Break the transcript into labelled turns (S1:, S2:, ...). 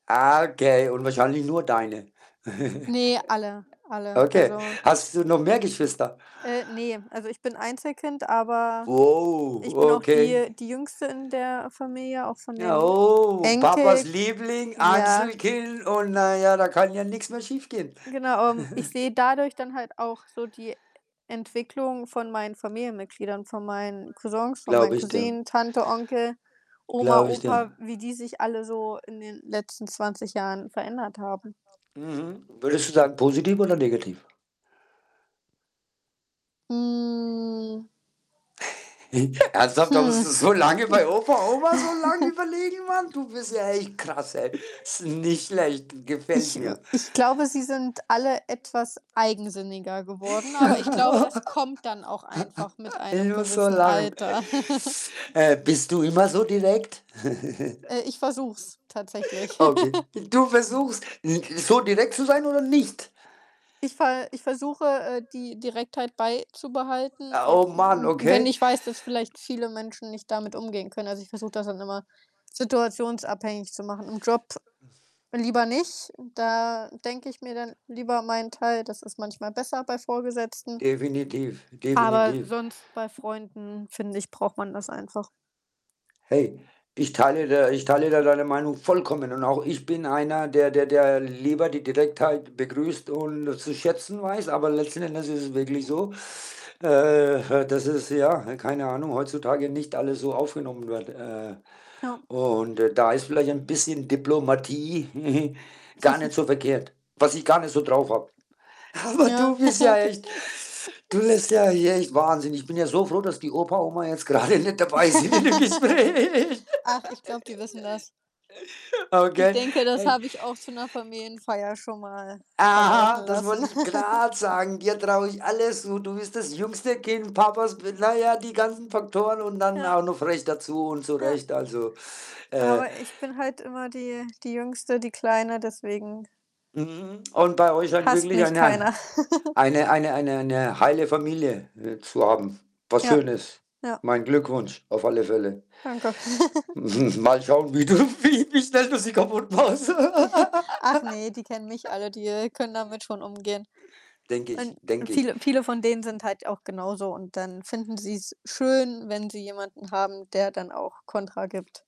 S1: Ah, okay. Und wahrscheinlich nur deine.
S2: Ne, alle, alle.
S1: Okay.
S2: Also
S1: Hast du noch mehr Geschwister?
S2: Äh, ne, also ich bin Einzelkind, aber
S1: Oh,
S2: ich bin auch
S1: okay.
S2: die die Jüngste in der Familie, auch von den
S1: Oh, Papas
S2: Enkelk
S1: Liebling,
S2: Ja.
S1: Einzelkind und na ja, da kann ja nix mehr schiefgehen.
S2: Genau, ähm, ich sehe dadurch dann halt auch so die Entwicklung von meinen Familienmitgliedern, von meinen Cousins, von meinen
S1: Glaube ich dir.
S2: Cousinen, Tante, Onkel, Oma,
S1: Glaube ich
S2: Opa,
S1: dir.
S2: wie die sich alle so in den letzten 20 Jahren verändert haben.
S1: Mhm. Würdest du sagen positiv oder negativ?
S2: Hm.
S1: Ernsthaft, da
S2: Hm.
S1: musst du so lange bei Opa, Oma so lange überlegen, Mann, du bist ja echt krass, ey. Ist nicht schlecht,
S2: Ich,
S1: gefällt
S2: hm
S1: mir.
S2: ich glaube, sie sind alle etwas eigensinniger geworden, aber ich glaube, das kommt dann auch einfach mit
S1: Ich
S2: einem
S1: muss so
S2: gewissen
S1: lachen.
S2: Alter.
S1: Äh, bist du immer so direkt?
S2: Äh, Ich versuche es tatsächlich.
S1: Okay. Du versuchst, n so direkt zu sein oder nicht?
S2: Ich ver ich versuche, äh, die Direktheit beizubehalten,
S1: Oh
S2: auch
S1: Mann,
S2: w w wenn
S1: okay.
S2: ich weiß, dass vielleicht viele Menschen nicht damit umgehen können. Also, ich versuche das dann immer situationsabhängig zu machen. Im Job lieber nicht, da denke ich mir dann lieber meinen Teil, das ist manchmal besser bei Vorgesetzten
S1: Definitiv,
S2: aber
S1: definitiv.
S2: sonst bei Freunden, finde ich, braucht man das einfach.
S1: Hey, ich teile da ich teile da deine Meinung vollkommen, und auch ich bin einer, der der der lieber die Direktheit begrüßt und zu schätzen weiß, aber letzten Endes ist es wirklich so, äh, äh, dass es, ja, ne, keine Ahnung, heutzutage nicht alles so aufgenommen wird, äh,
S2: Ja.
S1: und da da ist vielleicht ein bisschen Diplomatie gar nicht so verkehrt, was ich gar nicht so drauf habe. Aber
S2: Ja.
S1: du bist ja
S2: Okay.
S1: echt du lässt ja hier echt, Wahnsinn. Ich bin ja so froh, dass die Opa, Oma jetzt grade nicht dabei sind in dem Gespräch.
S2: Ach, ich glaube, die wissen das. Ich
S1: Okay,
S2: denke, das
S1: hey
S2: habe ich auch zu Familienfeier schon mal verlauten
S1: Aha, das
S2: lassen.
S1: wollte ich grad sagen. Dir traue ich alles zu. Du bist das Jüngste Kind, Papas Bel na ja, die ganzen Faktoren und dann
S2: Ja.
S1: auch noch frech dazu und
S2: Ja.
S1: zurecht, also, äh
S2: Aber ich bin halt immer die die Jüngste, die Kleine, deswegen
S1: Mhm, und bei euch halt
S2: hasst
S1: wirklich
S2: mich
S1: eine
S2: keiner.
S1: eine eine eine eine heile Familie, äh, zu haben, was
S2: Ja.
S1: schön ist.
S2: Ja.
S1: Mein Glückwunsch auf alle Fälle.
S2: Danke.
S1: Mal schauen, wie du wie wie schnell du sie kaputtmachst.
S2: Ach ne, die kennen mich alle, die können damit schon umgehen
S1: Denke ich.
S2: und und
S1: Denke ich.
S2: viele viele von denen sind halt auch genauso und dann finden sie's schön, wenn sie jemanden haben, der dann auch Kontra gibt.